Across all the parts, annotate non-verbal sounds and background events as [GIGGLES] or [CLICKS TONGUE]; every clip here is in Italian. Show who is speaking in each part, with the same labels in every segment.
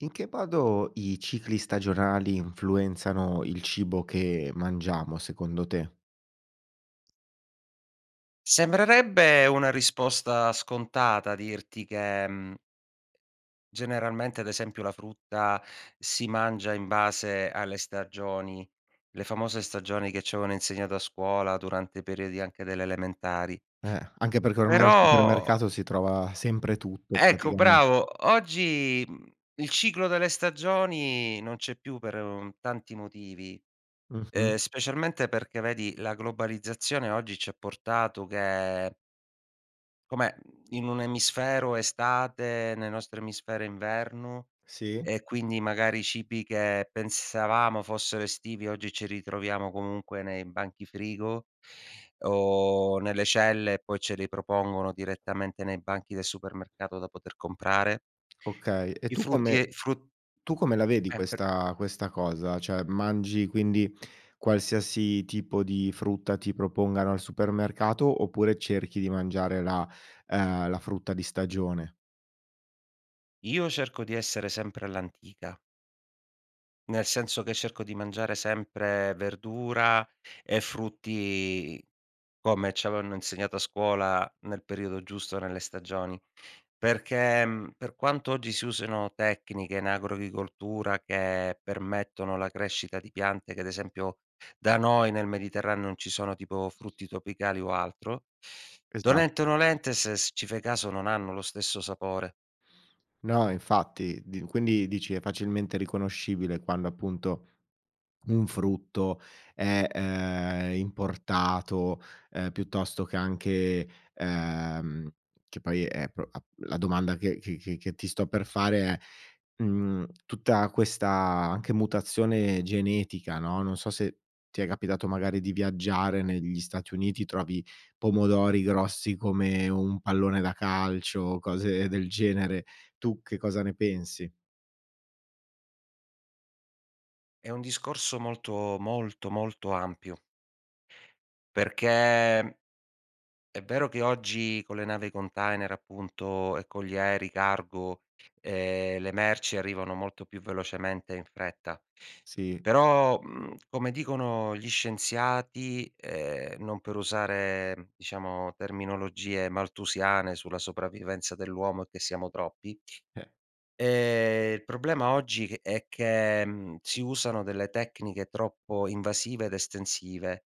Speaker 1: In che modo i cicli stagionali influenzano il cibo che mangiamo secondo te?
Speaker 2: Sembrerebbe una risposta scontata dirti che, mhmm, generalmente, ad esempio, la frutta si mangia in base alle stagioni. Le famose stagioni che ci avevano insegnato a scuola durante i periodi anche delle elementari.
Speaker 1: Eh, anche perché ormai al
Speaker 2: Però
Speaker 1: supermercato si trova sempre tutto
Speaker 2: Ecco
Speaker 1: praticamen
Speaker 2: bravo. Oggi, mhmm, il ciclo delle stagioni non c'è più per, uhm, tanti motivi,
Speaker 1: Mh-mh.
Speaker 2: ehm, specialmente perché, vedi, la globalizzazione oggi ci ha portato che come, mhmm in un'emisfero è estate, nel nostro emisfero è inverno
Speaker 1: Sì.
Speaker 2: e quindi magari i cibi che pensavamo fossero estivi oggi ce li troviamo comunque nei banchi frigo o nelle celle, e poi ce li propongono direttamente nei banchi del supermercato da poter comprare.
Speaker 1: Okay. E
Speaker 2: I
Speaker 1: tu
Speaker 2: frutti
Speaker 1: come
Speaker 2: e fru
Speaker 1: tu come la vedi
Speaker 2: Eh, per
Speaker 1: questa questa cosa? Cioè mangi quindi qualsiasi tipo di frutta ti propongano al supermercato, oppure cerchi di mangiare la ehm, la frutta di stagione?
Speaker 2: Io cerco di essere sempre all'antica nel senso che cerco di mangiare sempre verdura e frutti come ci avevano insegnato a scuola nel periodo giusto nelle stagioni, perché, mhmm, per quanto oggi si usino tecniche in agricoltura che permettono la crescita di piante che, ad esempio, da noi nel Mediterraneo non ci sono tipo frutti tropicali o altro.
Speaker 1: Esatt
Speaker 2: Dolente o nolente se s ci fai caso non hanno lo stesso sapore.
Speaker 1: No infatti, di quindi dici è facilmente riconoscibile quando appunto un frutto è, ehm, importato, ehm, piuttosto che anche, ehm, che poi è pro la domanda che che che ti sto per fare è, mhmm, tutta questa anche mutazione genetica, no, non so se ti è capitato magari di viaggiare negli Stati Uniti, trovi pomodori grossi come un pallone da calcio, cose del genere. Tu che cosa ne pensi?
Speaker 2: È un discorso molto, molto, molto ampio. Perché è vero che oggi con le navi container appunto e con gli aerei cargo, ehm, le merci arrivano molto più velocemente e in fretta,
Speaker 1: Sì.
Speaker 2: però, mhmm, come dicono gli scienziati, ehm, non per usare diciamo terminologie malthusiane sulla sopravvivenza dell'uomo e che siamo troppi,
Speaker 1: Eh.
Speaker 2: ehm, il problema oggi è che, mhmm, si usano delle tecniche troppo invasive ed estensive,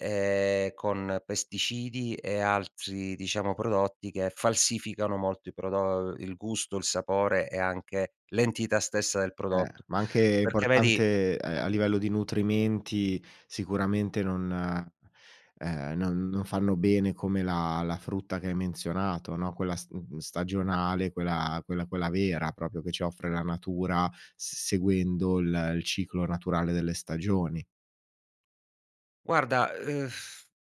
Speaker 2: ehm, con pesticidi e altri diciamo prodotti che falsificano molto i prodo il gusto, il sapore e anche l'entità stessa del
Speaker 1: Eh,
Speaker 2: prodotto.
Speaker 1: ma anche
Speaker 2: Perché vedi
Speaker 1: importante, ehm, a livello di nutrimenti sicuramente non, ehm, non non fanno bene come la la frutta che hai menzionato, no. Quella st mhmm, stagionale, quella quella quella vera proprio che ci offre la natura s seguendo il, ehm, il ciclo naturale delle stagioni.
Speaker 2: Guarda,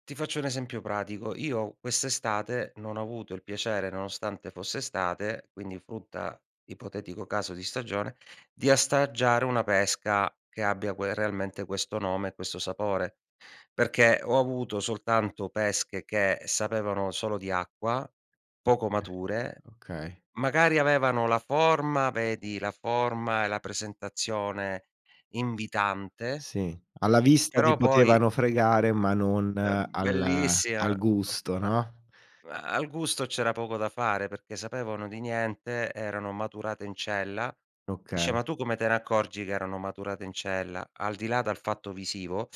Speaker 2: ti faccio un esempio pratico: io quest'estate non ho avuto il piacere nonostante fosse estate, quindi frutta, ipotetico caso di stagione, di assaggiare una pesca che abbia quel realmente questo nome e questo sapore. Perché ho avuto soltanto pesche che sapevano solo di acqua, poco mature,
Speaker 1: Okay. Okay.
Speaker 2: magari avevano la forma, vedi la forma e la presentazione invitante,
Speaker 1: Sì. Alla vista ti
Speaker 2: però poi
Speaker 1: potevano fregare ma non
Speaker 2: ehm,
Speaker 1: al
Speaker 2: bellissima,
Speaker 1: al gusto, no?
Speaker 2: ma al gusto c'era poco da fare, perché sapevano di niente. Erano maturate in cella. Dice:
Speaker 1: Okay.
Speaker 2: "Ma tu come te ne accorgi che erano maturate in cella?" Al di là dal fatto visivo,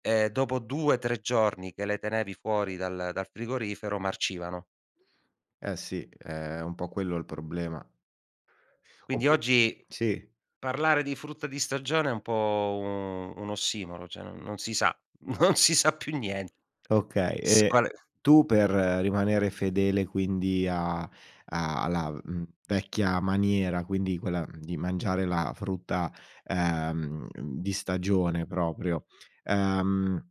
Speaker 2: ehm, dopo 2, 3 giorni che le tenevi fuori dal dal frigorifero, marcivano.
Speaker 1: Eh sì, è un po' quello il problema
Speaker 2: Quindi
Speaker 1: Oppu
Speaker 2: oggi
Speaker 1: sì.
Speaker 2: parlare di frutta di stagione è un po' u un ossimoro cioè, non non si sa, non si sa più nien
Speaker 1: Okay
Speaker 2: s
Speaker 1: e
Speaker 2: quale
Speaker 1: tu per rimanere fedele quindi a a alla, mhmm, vecchia maniera, quindi quella, mhmm, di mangiare la frutta, ehm, di stagione proprio, ehm,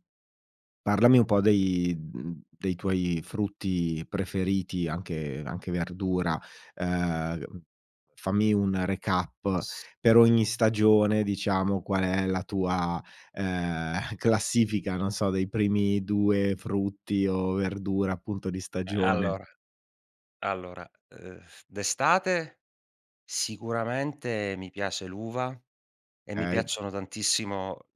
Speaker 1: parlami un po' dei mhmm, dei tuoi frutti preferiti anche anche verdura, uhm, fammi un recap
Speaker 2: S
Speaker 1: per ogni stagione, diciamo qual è la tua, ehm, [CHUCKLES] classifica non so, dei primi 2 frutti o verdura, appunto di
Speaker 2: Ehm,
Speaker 1: stagione.
Speaker 2: allora. Allora, uhm, d'estate sicuramente mi piace l'uva e mi
Speaker 1: Okay.
Speaker 2: piacciono tantissimo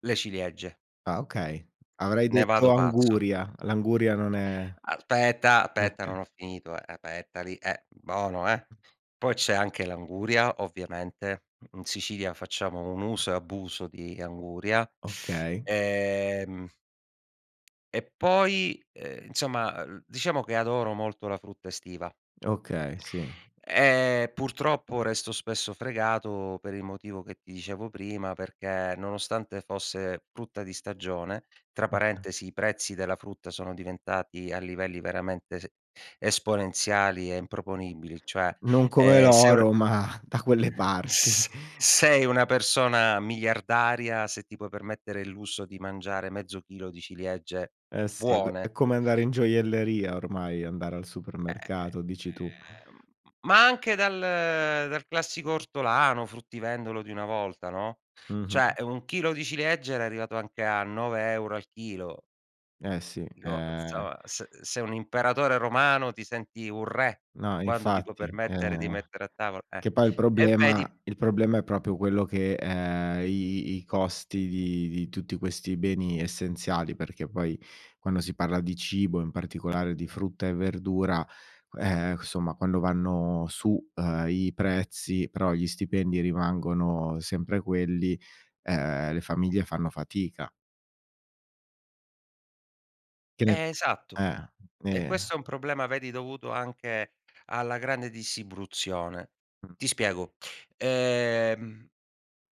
Speaker 2: le ciliegie
Speaker 1: Ah okay, avrei
Speaker 2: ne
Speaker 1: detto
Speaker 2: vado pazzo.
Speaker 1: anguria. L'anguria non è
Speaker 2: Aspetta, aspetta
Speaker 1: okay.
Speaker 2: non ho finito, eh, aspetta lì, eh, bono, eh. Poi c'è anche l'anguria, ovviamente, in Sicilia facciamo un uso e abuso di anguria,
Speaker 1: Okay.
Speaker 2: ehm, e poi, ehm, insomma, uhm, diciamo che adoro molto la frutta estiva.
Speaker 1: Okay, sì.
Speaker 2: Ehm, purtroppo resto spesso fregato per il motivo che ti dicevo prima perché, nonostante fosse frutta di stagione, tra
Speaker 1: Oka
Speaker 2: parentesi, i prezzi della frutta sono diventati a livelli veramente s esponenziali e improponibili cioè,
Speaker 1: Non come
Speaker 2: ehm, se un
Speaker 1: l'oro
Speaker 2: e
Speaker 1: ma da quelle parti.
Speaker 2: S sei una persona miliardaria se ti puoi permettere il lusso di mangiare mezzo chilo di ciliegie
Speaker 1: Eh sì è c è
Speaker 2: buone.
Speaker 1: come andare in gioielleria ormai andare al
Speaker 2: Ehm,
Speaker 1: supermercato, dici tu.
Speaker 2: ehm, ma anche dal dal classico ortolano, fruttivendolo di una volta no,
Speaker 1: Mh-mh.
Speaker 2: cioè 1 chilo di ciliegie era arrivato anche a 9 euro al chilo,
Speaker 1: Eh
Speaker 2: uhm,
Speaker 1: sì,
Speaker 2: dico
Speaker 1: è
Speaker 2: insomma s sei un imperatore romano, ti senti un re
Speaker 1: No
Speaker 2: quando ti puoi
Speaker 1: infatti,
Speaker 2: permettere di
Speaker 1: ehm,
Speaker 2: mettere a tavol eh,
Speaker 1: che poi il
Speaker 2: e vedi
Speaker 1: problema il problema è proprio quello che ehm, i i i costi di di tutti questi beni essenziali, perché poi quando si parla di cibo, in particolare di frutta e verdura, q ehm, cu somma quando vanno su, uhm, i prezzi però gli stipendi rimangono sempre quelli, ehm, le famiglie fanno fatica. Che ne
Speaker 2: Eh, esatto.
Speaker 1: eh,
Speaker 2: E
Speaker 1: ben
Speaker 2: questo è un problema, vedi, dovuto anche alla grande distribuzione.
Speaker 1: Mh.
Speaker 2: Ti spiego, ehm,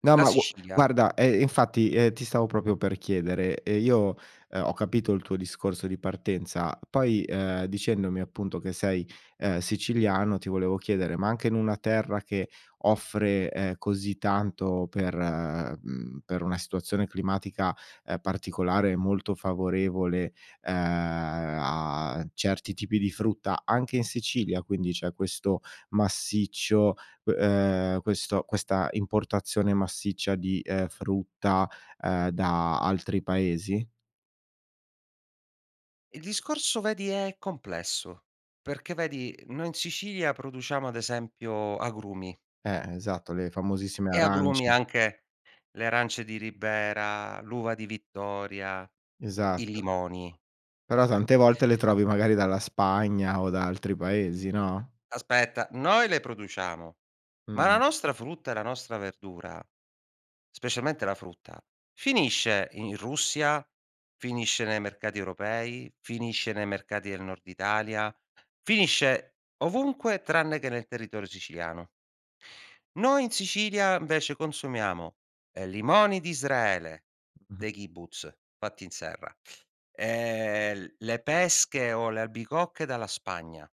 Speaker 1: No,
Speaker 2: la
Speaker 1: ma gu
Speaker 2: Sicilia
Speaker 1: guarda eh, infatti, ehm, ti stavo proprio per chiedere, ehm, io, uhm, ho capito il tuo discorso di partenza, poi, ehm, dicendomi appunto che sei, ehm, siciliano ti volevo chiedere: ma anche in una terra che offre, ehm, così tanto per mhmm, per una situazione climatica, ehm, particolare, molto favorevole, uhm, a certi tipi di frutta, anche in Sicilia quindi c'è questo massiccio uhm, questo questa importazione massiccia di, ehm, frutta, ehm, da altri paesi?
Speaker 2: Il discorso, vedi, è complesso. Perché vedi noi in Sicilia produciamo, ad esempio, agrumi.
Speaker 1: Eh, esatto. Le famosissime
Speaker 2: E agrumi
Speaker 1: arance.
Speaker 2: anche le arance di Ribera, l'uva di Vittoria, i
Speaker 1: Esatto.
Speaker 2: limoni,
Speaker 1: Però
Speaker 2: e
Speaker 1: tante volte le trovi magari dalla Spagna o da altri paesi, no?
Speaker 2: Aspetta, noi le produciamo, ma la
Speaker 1: Mh-mh.
Speaker 2: nostra frutta e la nostra verdura, specialmente la frutta, finisce i in Russia, finisce nei mercati europei, finisce nei mercati del nord Italia, finisce ovunque tranne che nel territorio siciliano. Noi in Sicilia, invece, consumiamo, ehm, limoni d'Israele,
Speaker 1: [CHUCKLES]
Speaker 2: dei kibbutz, fatti in serra, ehm, l le pesche o le albicocche dalla Spagna,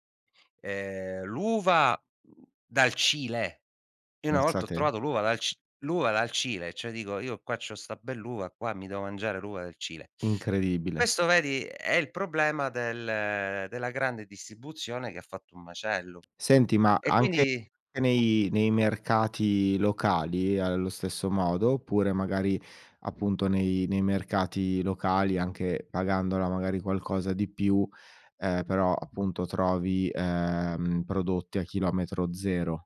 Speaker 2: ehm, l'uva, mhmm, dal Cile! Io una
Speaker 1: Pensa
Speaker 2: volta ho
Speaker 1: te.
Speaker 2: trovato l'uva dal C l'uva dal Cile, cioè dico, io qua ci ho 'sta bell'uva qua, mi devo mangiare l'uva del Cile.
Speaker 1: Incredibile.
Speaker 2: Questo, vedi, è il problema del della grande distribuzione che ha fatto un macello.
Speaker 1: Senti, ma
Speaker 2: E
Speaker 1: anche
Speaker 2: quindi
Speaker 1: che nei nei mercati locali è allo stesso modo? Oppure magari, appunto, nei nei mercati locali, anche pagandola magari qualcosa di più, ehm, però appunto trovi, ehm, prodotti a chilometro zero?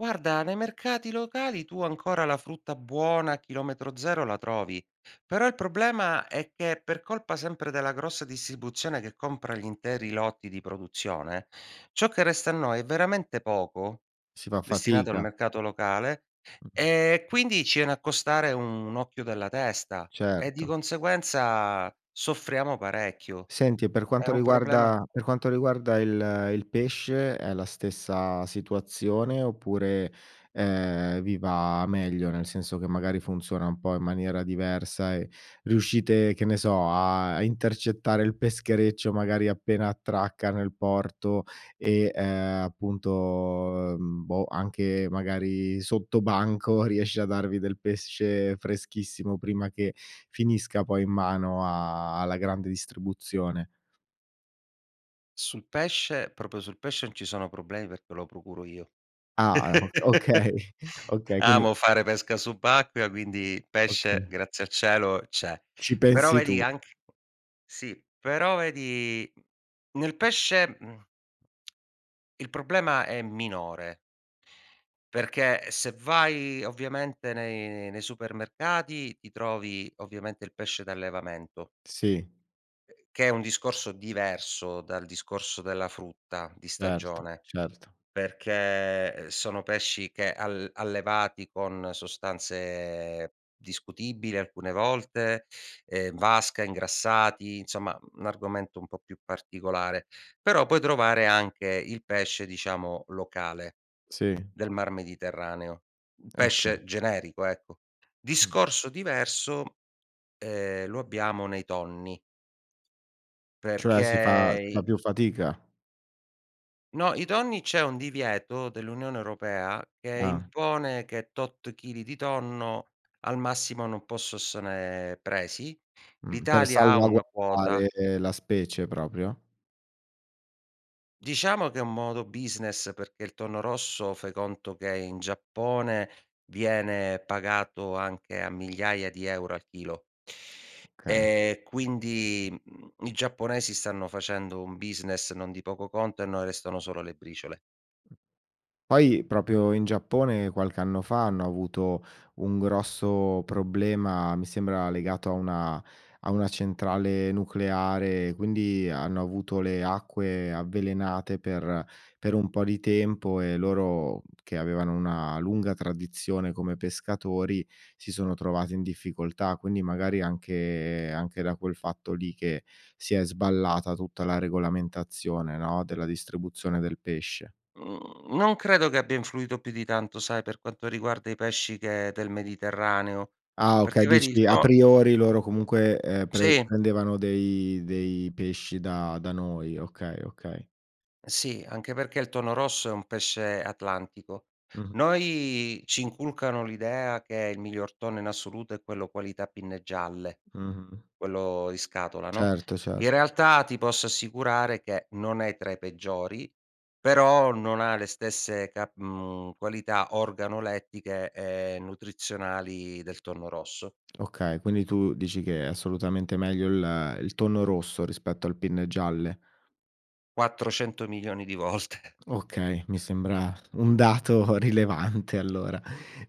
Speaker 2: Guarda, nei mercati locali tu ancora la frutta buona a chilometro zero la trovi. Però il problema è che, per colpa sempre della grossa distribuzione che compra gli interi lotti di produzione, ciò che resta a noi è veramente poco,
Speaker 1: Si fa
Speaker 2: destinato al
Speaker 1: fatica.
Speaker 2: mercato locale,
Speaker 1: [CHUCKLES]
Speaker 2: e quindi ci iene a costare un occhio della testa, e di
Speaker 1: Certo.
Speaker 2: conseguenza soffriamo parecchio.
Speaker 1: Senti, e per
Speaker 2: È
Speaker 1: quanto
Speaker 2: un problema
Speaker 1: riguarda per quanto riguarda il il pesce è la stessa situazione oppure, ehm, vi va meglio? Nel senso che magari funziona un po' in maniera diversa, e riuscite, che ne so, a a intercettare il peschereccio magari appena attracca nel porto, e, ehm, appunto, uhm, boh, anche magari sottobanco riesce a darvi del pesce freschissimo prima che finisca poi in mano a alla grande distribuzione.
Speaker 2: Sul pesce, proprio sul pesce n ci sono problemi perché lo procuro io.
Speaker 1: Ah, eh, ok
Speaker 2: [LAUGHS]
Speaker 1: okay. Okay, quindi
Speaker 2: Amo fare pesca subacquea, quindi pesce,
Speaker 1: Okay.
Speaker 2: grazie a cielo, c'è.
Speaker 1: Ci
Speaker 2: Però
Speaker 1: pensi
Speaker 2: vedi
Speaker 1: tu.
Speaker 2: anch sì, però vedi, nel pesce, mhmm, [TSK] il problema è minore. Perché se vai, ovviamente, nei nei supermercati ti trovi, ovviamente, il pesce d'allevamento.
Speaker 1: Sì.
Speaker 2: Che è un discorso diverso dal discorso della frutta di
Speaker 1: Certo,
Speaker 2: stagione,
Speaker 1: certo.
Speaker 2: perché, ehm, sono pesci che al allevati con sostanze discutibile alcune volte, ehm, n vasca, ingrassati, insomma n argomento un po' più particolare. Però puoi trovare anche il pesce, diciamo, locale,
Speaker 1: Sì.
Speaker 2: del Mar Mediterraneo, un
Speaker 1: Eh, okay.
Speaker 2: pesce generico, ecco.
Speaker 1: Mh.
Speaker 2: Discorso diverso, ehm, lo abbiamo nei tonni.
Speaker 1: Cioè si fa
Speaker 2: Perché
Speaker 1: si fa
Speaker 2: i
Speaker 1: più fatica?
Speaker 2: No, i tonni c'è un divieto dell'Unione Europea che
Speaker 1: Ah.
Speaker 2: impone che tot chili di tonno al massimo non posso ossone presi.
Speaker 1: Mh. Per
Speaker 2: L'Italia ha una quota.
Speaker 1: salvaguardare la specie proprio?
Speaker 2: Diciamo che è un modo business, perché il tonno rosso fai conto che in Giappone viene pagato anche a migliaia di euro al chilo.
Speaker 1: Okay.
Speaker 2: E quindi, mhmm, i giapponesi stanno facendo un business non di poco conto, e a noi restano solo le briciole.
Speaker 1: Poi, proprio in Giappone qualche anno fa hanno avuto un grosso problema, mi sembra legato a una a una centrale nucleare, quindi ha hanno avuto le acque avvelenate per per un po' di tempo, e loro, che avevano una lunga tradizione come pescatori, si sono trovati in difficoltà. Quindi magari è anche anche da quel fatto lì che si è sballata tutta la regolamentazione, no, della distribuzione del pesce.
Speaker 2: Mhmm, non credo che abbia influito più di tanto, sai, per quanto riguarda i pesci che del Mediterraneo.
Speaker 1: Ah okay.
Speaker 2: Perché vedi il
Speaker 1: Dici a
Speaker 2: to
Speaker 1: priori loro comunque, ehm, pre
Speaker 2: Sì.
Speaker 1: prendevano dei dei pesci da da noi. Okay, okay.
Speaker 2: Sì, anche perché il tonno rosso è un pesce atlantico.
Speaker 1: Mh-mh.
Speaker 2: Noi ci inculcano l'idea che il miglior tonno in assoluto è quello qualità pinne gialle,
Speaker 1: Mh-mh.
Speaker 2: quello in scatola, no,
Speaker 1: Certo,
Speaker 2: in
Speaker 1: cert
Speaker 2: realtà ti posso assicurare che non è tra i peggiori, però non ha le stesse cap mhmm, qualità organolettiche e nutrizionali del tonno rosso.
Speaker 1: Okay, quindi tu dici che è assolutamente meglio il il tonno rosso rispetto al pinne gialle.
Speaker 2: 400 milioni di volte.
Speaker 1: Okay, mi sembra un dato rilevante allora.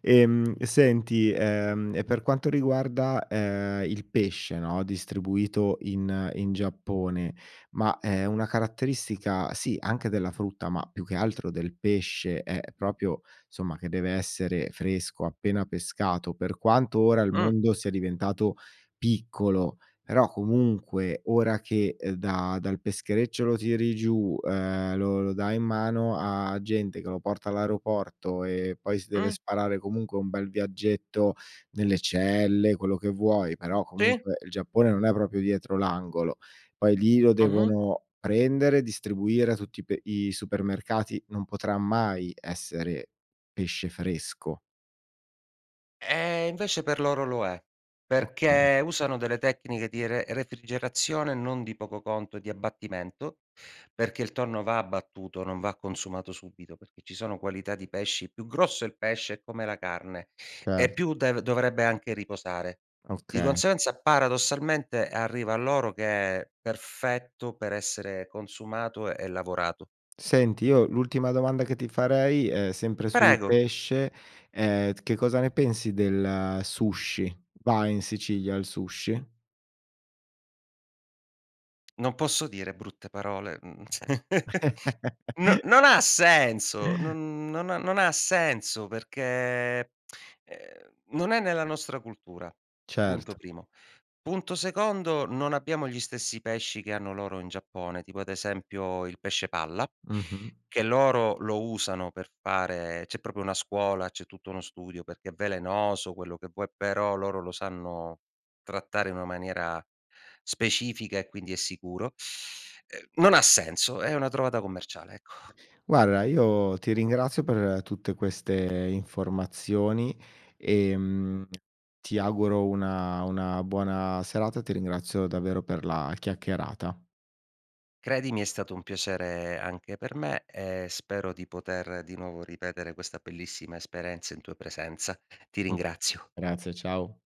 Speaker 1: Ehm, senti, ehm, e per quanto riguarda, ehm, il pesce, no, distribuito in in Giappone, ma è una caratteristica sì anche della frutta, ma più che altro del pesce, è proprio, somma, che deve essere fresco, appena pescato. Per quanto ora il
Speaker 2: Mh.
Speaker 1: mondo sia diventato piccolo, però comunque ora che, uhm, da dal peschereccio lo tiri giù, uhm, lo lo dai in mano a gente che lo porta all'aeroporto e poi si deve
Speaker 2: Mh.
Speaker 1: sparare comunque un bel viaggetto nelle celle, quello che vuoi, però
Speaker 2: Sì.
Speaker 1: comunque il Giappone non è proprio dietro l'angolo. Poi lì lo
Speaker 2: Mh-mh.
Speaker 1: devono prendere, distribuire a tutti pe i supermercati, non potrà mai essere pesce fresco.
Speaker 2: Eh, invece, per loro lo è,
Speaker 1: Oka
Speaker 2: perché usano delle tecniche di re refrigerazione non di poco conto e di abbattimento perché il tonno va abbattuto, non va consumato subito. Perché ci sono qualità di pesci più grosso è il pesce, è come la carne, e
Speaker 1: Cer
Speaker 2: più dev dovrebbe anche riposare. Di
Speaker 1: Okay.
Speaker 2: conseguenza, paradossalmente, arriva a loro che è perfetto per essere consumato e lavorato.
Speaker 1: Senti, io l'ultima domanda che ti farei è sempre sul
Speaker 2: Prego.
Speaker 1: pesce. Ehm, t che cosa ne pensi del sushi? Va in Sicilia il sushi?
Speaker 2: [CLICKS TONGUE] Non posso dire brutte parole, mhmm, c [CHUCKLES] N
Speaker 1: [GIGGLES]
Speaker 2: non ha senso,
Speaker 1: [CHUCKLES]
Speaker 2: non non ha non ha senso perché, ehm, non è nella nostra cultura, punto
Speaker 1: Certo.
Speaker 2: primo. Punto secondo: non abbiamo gli stessi pesci che hanno loro in Giappone, tipo, ad esempio, il pesce palla
Speaker 1: Mh-mh.
Speaker 2: che loro lo usano per fare c'è proprio una scuola, c'è tutto uno studio perché è velenoso, quello che vuoi, però loro lo sanno trattare in una maniera specifica e, quindi, è sicuro. Uhm, non ha senso, è una trovata commerciale, ecco. [SIGHS]
Speaker 1: Guarda, io ti ringrazio per tutte queste informazioni e, mhmm, ti auguro una una buona serata, ti ringrazio davvero per la chiacchierata.
Speaker 2: Credimi, è stato un piacere anche per me e spero di poter di nuovo ripetere questa bellissima esperienza in tua presenza. Ti
Speaker 1: M
Speaker 2: ringrazio.
Speaker 1: grazie, ciao.